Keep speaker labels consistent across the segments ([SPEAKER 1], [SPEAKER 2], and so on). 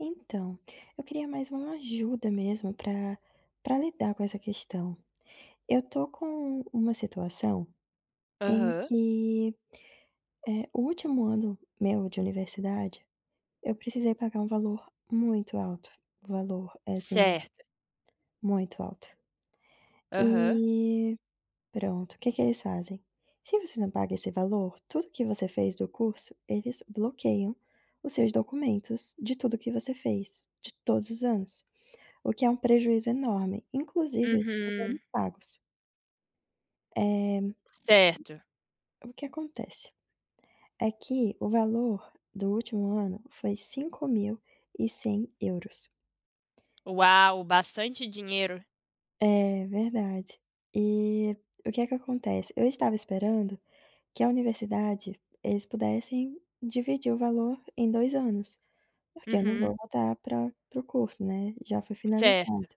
[SPEAKER 1] Então, eu queria mais uma ajuda mesmo pra pra lidar com essa questão. Eu tô com uma situação, em
[SPEAKER 2] Aham.
[SPEAKER 1] que, eh, o último ano meu de universidade, eu precisei pagar um valor muito alto, o valor é, assim,
[SPEAKER 2] Certo.
[SPEAKER 1] muito alto.
[SPEAKER 2] Aham.
[SPEAKER 1] E, pronto, o que que eles fazem, se você não paga esse valor, tudo o que você fez do curso, eles bloqueiam os seus documentos de tudo que você fez, de todos os anos, o que é um prejuízo enorme, inclusive os
[SPEAKER 2] Uhum.
[SPEAKER 1] anos pagos. Eh
[SPEAKER 2] Certo.
[SPEAKER 1] o que acontece? É que o valor do último ano foi € 5.100,00.
[SPEAKER 2] Uau, bastante dinheiro.
[SPEAKER 1] É verdade, e, o que é que acontece? Eu estava esperando que a universidade, eles pudessem dividir o valor em 2 anos, porque eu não
[SPEAKER 2] Uhum.
[SPEAKER 1] vou voltar pra para o curso, né, já foi finalizado.
[SPEAKER 2] Certo.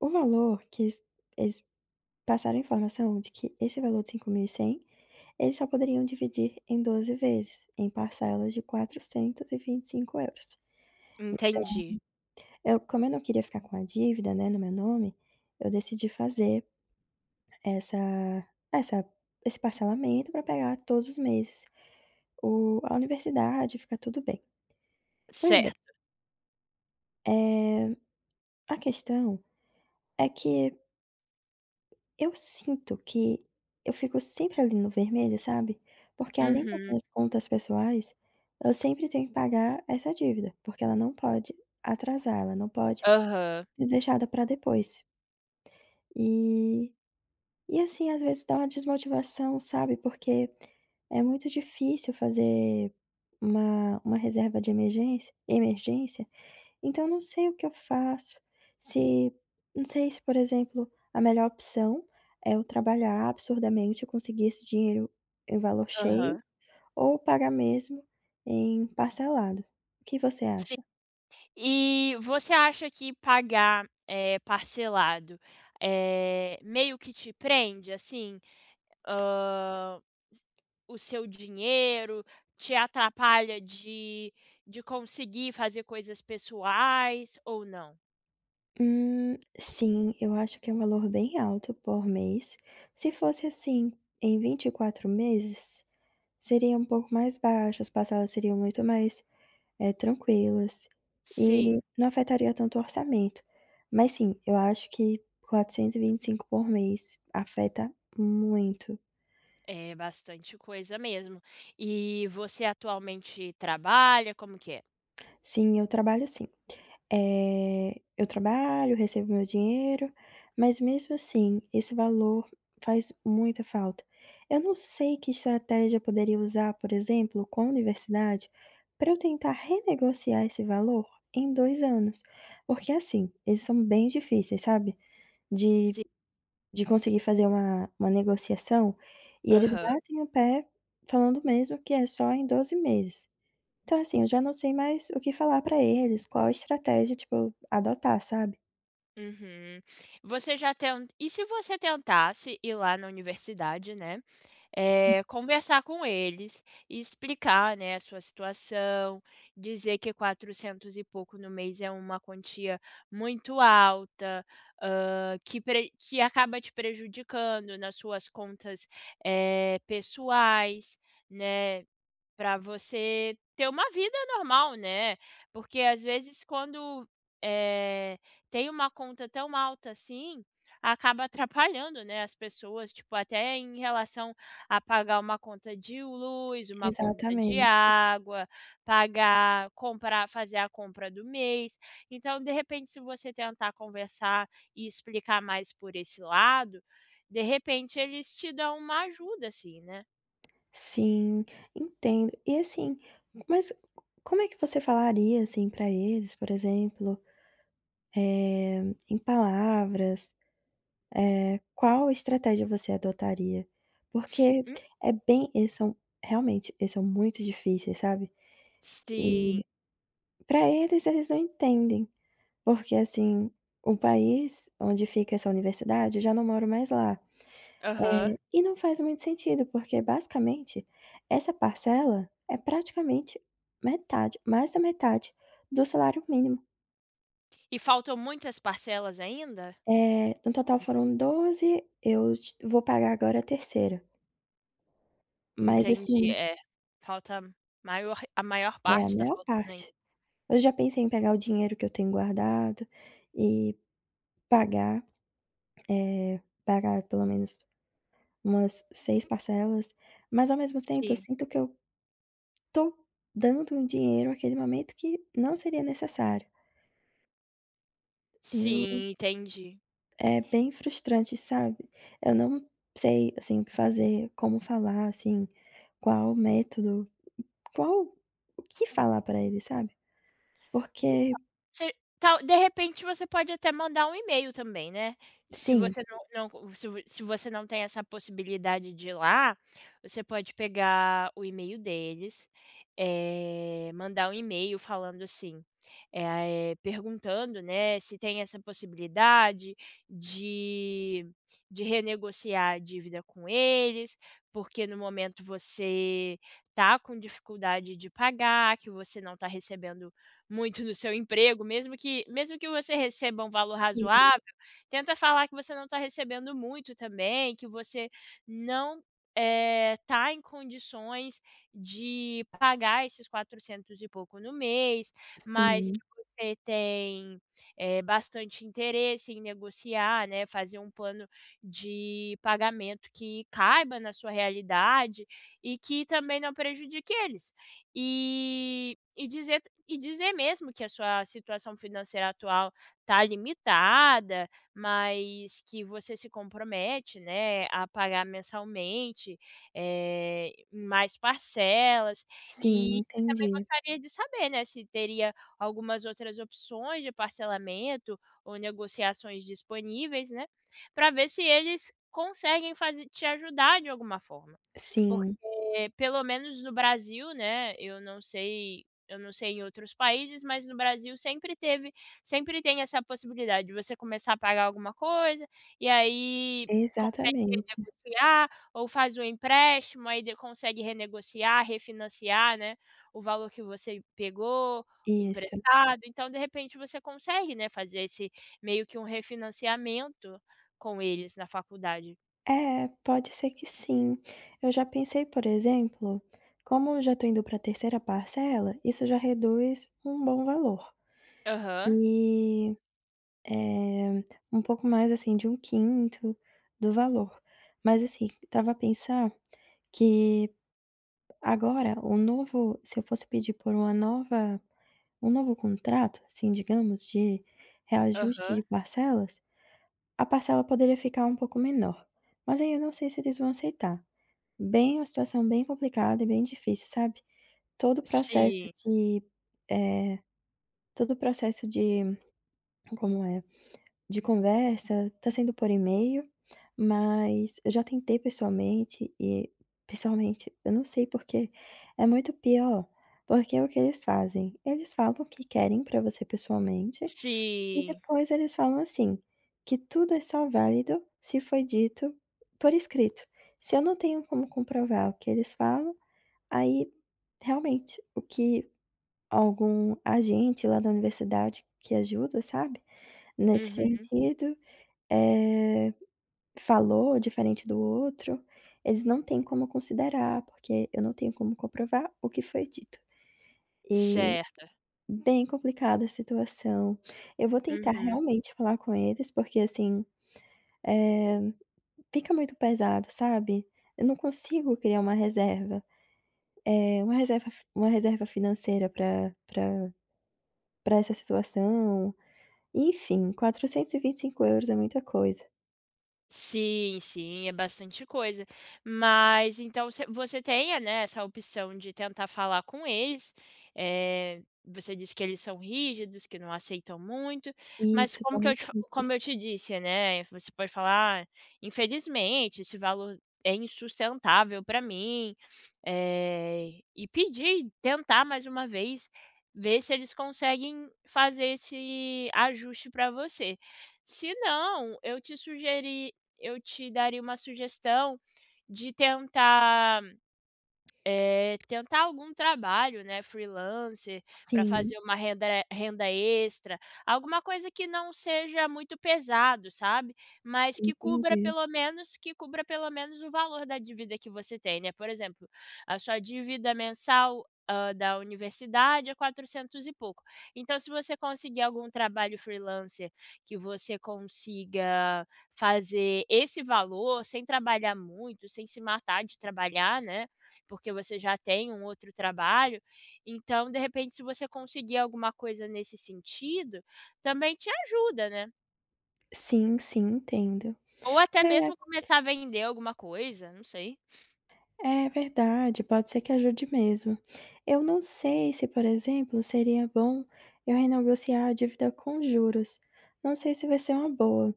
[SPEAKER 1] O valor que es es passaram a informação de que esse valor de € 5.100,00, eles só poderiam dividir em 12 vezes, em parcelas de € 425,00. Então,
[SPEAKER 2] Entendi.
[SPEAKER 1] eu como eu não queria ficar com a dívida, né, no meu nome, eu decidi fazer, essa essa esse parcelamento pra pegar todos os meses, o a universidade e ficar tudo bem. Pois bem.
[SPEAKER 2] Certo.
[SPEAKER 1] Eh, a questão, é que eu sinto que eu fico sempre ali no vermelho, sabe. Porque além das
[SPEAKER 2] Uhum.
[SPEAKER 1] minhas contas pessoais, eu sempre tenho que pagar essa dívida, porque ela não pode atrasar, ela não pode,
[SPEAKER 2] Aham.
[SPEAKER 1] ser deixada pra depois. E e assim, às vezes dá uma desmotivação, sabe, porque é muito difícil fazer uma uma reserva de emergência emergência, então eu não sei o que eu faço, se, não sei se por exemplo, a melhor opção é eu trabalhar absurdamente, eu conseguir esse dinheiro, eh, o valor cheio,
[SPEAKER 2] Aham.
[SPEAKER 1] ou pagar mesmo em parcelado, o que você
[SPEAKER 2] Sim.
[SPEAKER 1] acha?
[SPEAKER 2] E você acha que pagar, eh, parcelado, eh, meio que te prende, assim. Hã, o seu dinheiro, te atrapalha de de conseguir fazer coisas pessoais ou não?
[SPEAKER 1] Hum, sim, eu acho que é um valor bem alto por mês, se fosse assim em 24 meses, seria um pouco mais baixo, as parcelas seriam muito mais, eh, tranquilas e
[SPEAKER 2] Sim.
[SPEAKER 1] não afetaria tanto o orçamento, mas sim, eu acho que 425 por mês afeta muito.
[SPEAKER 2] É bastante coisa mesmo. E você atualmente trabalha? Como que é?
[SPEAKER 1] Sim, eu trabalho sim. Eh, eu trabalho, recebo meu dinheiro, mas mesmo assim, esse valor faz muita falta. Eu não sei que estratégia poderia usar, por exemplo, com universidade, pra eu tentar renegociar esse valor em 2 anos, porque assim, eles são bem difíceis, sabe, de
[SPEAKER 2] Sim.
[SPEAKER 1] de conseguir fazer uma uma negociação, e eles
[SPEAKER 2] Aham.
[SPEAKER 1] batem o pé, falando mesmo que é só em 12 meses, então assim, eu já não sei mais o que falar pra eles, qual estratégia tipo adotar, sabe?
[SPEAKER 2] Uhum. Você já tent e se você tentasse ir lá na universidade, né,
[SPEAKER 1] Sim.
[SPEAKER 2] eh, conversar com eles, explicar né, a sua situação, dizer que 400 e pouco no mês é uma quantia muito alta, hã, que pre que acaba te prejudicando nas suas contas, eh, pessoais, né, pra você ter uma vida normal, né, porque às vezes quando, eh, tem uma conta tão alta assim, acaba atrapalhando, né, as pessoas, tipo, até em relação a pagar uma conta de luz, uma conta de
[SPEAKER 1] Exatamente.
[SPEAKER 2] água, pagar comprar fazer a compra do mês. Então, de repente se você tentar conversar e explicar mais por esse lado, de repente, eles te dão uma ajuda assim, né.
[SPEAKER 1] Sim, entendo e assim, mas, c como é que você falaria assim, pra eles por exemplo, eh, em palavras, eh, qual a estratégia você adotaria? Porque
[SPEAKER 2] Hum.
[SPEAKER 1] é bem eles são, realmente, eles são muito difíceis, sabe,
[SPEAKER 2] Sim.
[SPEAKER 1] e pra eles, eles não entendem. Porque assim, o país onde fica essa universidade, eu já não moro mais lá,
[SPEAKER 2] Aham.
[SPEAKER 1] eh, e não faz muito sentido, porque basicamente essa parcela é praticamente metade, mais da metade do salário mínimo.
[SPEAKER 2] E faltam muitas parcelas ainda?
[SPEAKER 1] Eh, no total foram 12, eu j vou pagar agora a 3ª. Mas
[SPEAKER 2] Entendi,
[SPEAKER 1] assim
[SPEAKER 2] é falta maior a maior
[SPEAKER 1] É a
[SPEAKER 2] parte tá
[SPEAKER 1] maior
[SPEAKER 2] faltando ainda.
[SPEAKER 1] parte. Eu já pensei em pegar o dinheiro que eu tenho guardado, e pagar, eh, pagar pelo menos umas 6 parcelas, mas ao mesmo tempo eu
[SPEAKER 2] Sim.
[SPEAKER 1] sinto que eu tô dando um dinheiro aquele momento que não seria necessário. Eu
[SPEAKER 2] Sim, entendi.
[SPEAKER 1] É bem frustrante, sabe? Eu não sei, assim, o que fazer, como falar assim, qual método, qual o que falar pra ele sabe?
[SPEAKER 2] Então,
[SPEAKER 1] Porque
[SPEAKER 2] se tal, de repente você pode até mandar um e-mail também, né. Se
[SPEAKER 1] Sim.
[SPEAKER 2] você não não se vo se você não tem essa possibilidade de ir lá, você pode pegar o e-mail deles, eh, mandar um e-mail falando assim, eh ah eh, perguntando, né, se tem essa possibilidade de de renegociar a dívida com eles, porque no momento você tá com dificuldade de pagar, que você não tá recebendo muito no seu emprego. Mesmo que mesmo que você receba um valor
[SPEAKER 1] Sim.
[SPEAKER 2] razoável, tenta falar que você não tá recebendo muito também, que você não, eh, tá em condições de pagar esses quatrocentos e pouco no mês, mas que
[SPEAKER 1] Sim.
[SPEAKER 2] você tem, eh, bastante interesse em negociar, né, fazer um plano de pagamento que caiba na sua realidade e que também não prejudique eles. Eh, e dizer e dizer mesmo que a sua situação financeira atual tá limitada, mas que você se compromete, né, a pagar mensalmente, eh, mais parcelas,
[SPEAKER 1] Sim,
[SPEAKER 2] e também
[SPEAKER 1] entendi.
[SPEAKER 2] gostaria de saber, né, se teria algumas outras opções de parcelamento ou negociações disponíveis, né, pra ver se eles conseguem faze te ajudar de alguma forma. Porque
[SPEAKER 1] Sim.
[SPEAKER 2] pelo menos no Brasil, né, eu não sei eu não sei em outros países, mas no Brasil sempre teve sempre tem essa possibilidade de você começar a pagar alguma coisa e aí consegue
[SPEAKER 1] Exatamente.
[SPEAKER 2] renegociar, ou faz o empréstimo, aí d consegue renegociar, refinanciar, né, o valor que você pegou
[SPEAKER 1] Isso.
[SPEAKER 2] emprestado. Então, de repente, você consegue, né, fazer esse meio que refinanciamento com eles na faculdade.
[SPEAKER 1] É, pode ser que sim. Eu já pensei, por exemplo, como eu já tô indo pra 3ª parcela, isso já reduz um bom valor,
[SPEAKER 2] Aham.
[SPEAKER 1] eh eh, um pouco mais assim de 1/5 do valor. Mas assim, estava a pensar que agora o novo se eu fosse pedir por uma nova um novo contrato, assim, digamos, de reajuste
[SPEAKER 2] Aham.
[SPEAKER 1] de parcelas, a parcela poderia ficar um pouco menor, mas aí eu não sei se eles vão aceitar. Bem uma situação bem complicada e bem difícil, sabe. Todo o processo
[SPEAKER 2] Sim.
[SPEAKER 1] de eh, todo o processo de como é, de conversa tá sendo por e-mail, mas eu já tentei pessoalmente, e pessoalmente eu não sei por quê, é muito pior. Porque é o que eles fazem: eles falam que querem pra você pessoalmente, e
[SPEAKER 2] Sim.
[SPEAKER 1] depois eles falam, assim, que tudo é só válido se foi dito por escrito. Se eu não tenho como comprovar o que eles falam, aí realmente o que algum agente lá da universidade que ajuda, sabe, nesse
[SPEAKER 2] Uhum.
[SPEAKER 1] sentido, eh, falou diferente do outro, eles não têm como considerar, porque eu não tenho como comprovar o que foi dito. Eh,
[SPEAKER 2] Certo.
[SPEAKER 1] bem complicada a situação. Eu vou tentar
[SPEAKER 2] Uhum.
[SPEAKER 1] realmente falar com eles porque assim, eh, fica muito pesado, sabe, eu não consigo criar uma reserva, eh, uma reserva f uma reserva financeira pra pra pra essa situação. Enfim, € 425 é muita coisa.
[SPEAKER 2] Sim, sim, é bastante coisa. Mas então se você tenha, né, essa opção de tentar falar com eles. Eh, você disse que eles são rígidos, que não aceitam muito, mas
[SPEAKER 1] Isso,
[SPEAKER 2] como que
[SPEAKER 1] também
[SPEAKER 2] eu te fa
[SPEAKER 1] pergunto
[SPEAKER 2] como
[SPEAKER 1] isso.
[SPEAKER 2] eu te disse, né, você pode falar: "Ah, infelizmente esse valor é insustentável pra mim." Eh, e pedir, tentar mais uma vez, ver se eles conseguem fazer esse ajuste pra você. Senão, eu te sugeri eu te daria uma sugestão de tentar, eh, tentar algum trabalho, né, freelancer, pra
[SPEAKER 1] Sim.
[SPEAKER 2] fazer uma renda renda extra, alguma coisa que não seja muito pesado, sabe. Mas que cubra
[SPEAKER 1] Entendi.
[SPEAKER 2] pelo menos, que cubra pelo menos o valor da dívida que você tem, né. Por exemplo, a sua dívida mensal, hã, da universidade é 400 e pouco. Então, se você conseguir algum trabalho freelancer que você consiga fazer esse valor sem trabalhar muito, sem se matar de trabalhar, né. Porque você já tem um outro trabalho, então de repente se você conseguir alguma coisa nesse sentido, também te ajuda, né?
[SPEAKER 1] Sim, sim, entendo.
[SPEAKER 2] Ou até mesmo
[SPEAKER 1] É.
[SPEAKER 2] começar a vender alguma coisa, não sei.
[SPEAKER 1] É, verdade, pode ser que ajude mesmo. Eu não sei se, por exemplo, seria bom eu renegociar a dívida com juros, não sei se vai ser uma boa,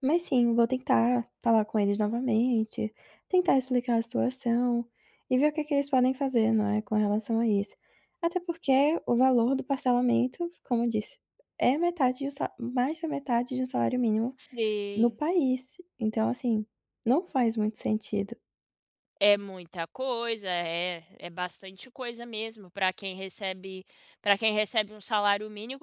[SPEAKER 1] mas, sim, vou tentar falar com eles novamente, tentar explicar a situação e ver o que que eles podem fazer, não é, com relação a isso. Até porque, o valor do parcelamento, como eu disse, é metade de 1 sa mais da metade de 1 salário mínimo no
[SPEAKER 2] Sim.
[SPEAKER 1] país, então assim, não faz muito sentido.
[SPEAKER 2] É muita coisa, é é bastante coisa mesmo pra quem recebe pra quem recebe 1 salário mínimo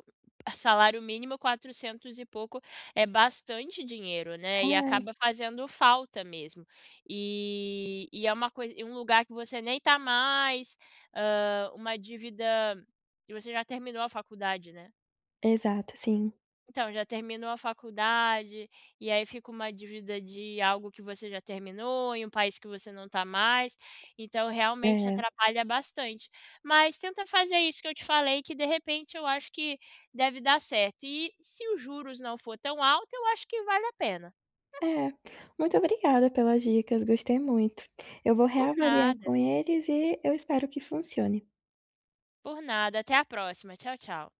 [SPEAKER 2] salário mínimo 400 e pouco é bastante dinheiro, né, e
[SPEAKER 1] Ai.
[SPEAKER 2] acaba fazendo falta mesmo, e e é uma coisa e um lugar que você nem tá mais, hã, uma dívida, e você já terminou a faculdade, né?
[SPEAKER 1] Exato, sim.
[SPEAKER 2] Então, já terminou a faculdade, e aí fica uma dívida de algo que você já terminou em um país que você não tá mais, então realmente
[SPEAKER 1] É.
[SPEAKER 2] atrapalha bastante, mas tenta fazer isso que eu te falei, que, de repente, eu acho que deve dar certo, e se os juros não for tão alto, eu acho que vale a pena.
[SPEAKER 1] É, muito obrigada pelas dicas, gostei muito, eu vou
[SPEAKER 2] Por
[SPEAKER 1] reavaliar
[SPEAKER 2] nada.
[SPEAKER 1] com eles e eu espero que funcione.
[SPEAKER 2] Por nada, até a próxima, tchau, tchau.